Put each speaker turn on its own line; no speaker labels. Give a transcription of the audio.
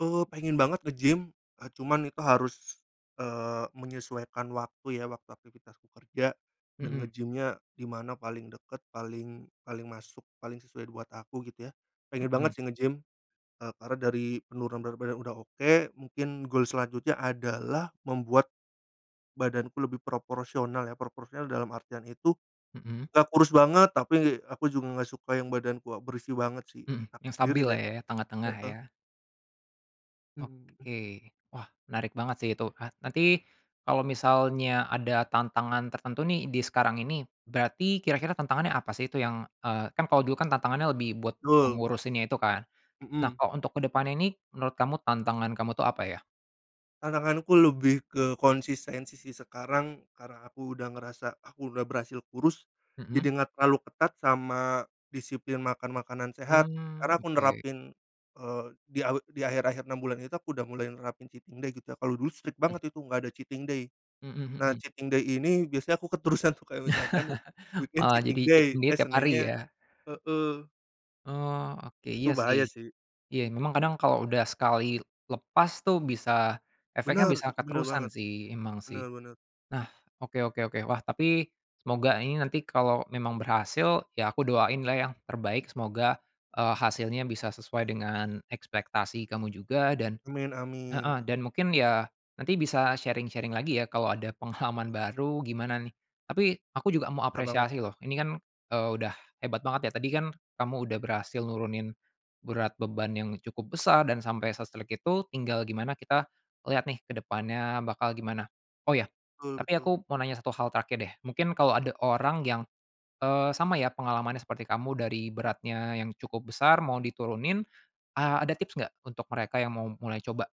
Eee, pengen banget ngegym, eee, cuman itu harus, eee, menyesuaikan waktu ya, waktu aktivitasku kerja dan
Mhm.
ngegymnya dimana paling deket, paling paling masuk, paling sesuai buat aku gitu ya. Pengen banget
Mhm.
sih ngegym, eee, karena dari penurunan berat badan udah oke. Mungkin goal selanjutnya adalah membuat badanku lebih proporsional ya. Proporsional dalam artian itu
Mhm.
gak kurus banget, tapi aku juga gak suka yang badanku, berisi banget sih
Mhm,
aku
yang
sendiri
stabil lah ya,
[unintelligible]
tengah-tengah
heeh.
ya.
Mhm.
Oke. Wah, menarik banget sih itu. Ah, nanti kalau misalnya ada tantangan tertentu nih di sekarang ini berarti kira-kira tantangannya apa sih itu yang, eee, kan kalau dulu tantangannya lebih buat
Tul
mengurusinnya itu kan. Nah,
mhm.
kalau untuk ke depan ini menurut kamu tantangan kamu tuh apa ya?
Tantanganku lebih ke konsistensi sih sekarang, karena aku udah ngerasa aku udah berhasil kurus
Mhm.
jadi gak terlalu ketat sama disiplin makan makanan sehat karena
Mmm,
aku
oke.
nerapin, eee di a di akhir-akhir 6 bulan itu aku udah mulai nerapin cheating day gitu ya, kalo dulu strict banget itu gak ada cheating day.
Mhm
Nah,
mhm.
cheating day ini biasanya aku keterusan tuh kayak misalkan weekend
Oh, jadi
cheating day,
cheating day
eee,
tiap hari
Seninnya
ya.
heeh.
Oh, oke,
Itu
iya
bahaya
sih.
sih.
Iya memang kadang kalau udah sekali lepas tuh bisa efeknya
Bener,
bisa
itu bener
keterusan
banget.
sih, memang sih.
Bener bener.
Nah, oke oke oke, wah tapi semoga ini nanti kalau memang berhasil ya aku doain lah yang terbaik semoga, eee, hasilnya bisa sesuai dengan ekspektasi kamu juga dan
Amin
heeh,
amin.
dan mungkin ya nanti bisa sharing-sharing lagi ya kalau ada pengalaman baru gimana nih. Tapi aku juga mau
Ta banget.
apresiasi loh ini kan udah hebat banget ya, tadi kan kamu udah berhasil nurunin berat beban yang cukup besar dan sampai se-strict itu, tinggal gimana kita lihat nih kedepannya bakal gimana. Oh ya,
Betul
tapi
betul.
aku mau nanya satu hal terakhir deh, mungkin kalau ada orang yang, eee, sama ya pengalamannya seperti kamu dari beratnya yang cukup besar mau diturunin a ada tips gak untuk mereka yang mau mulai coba?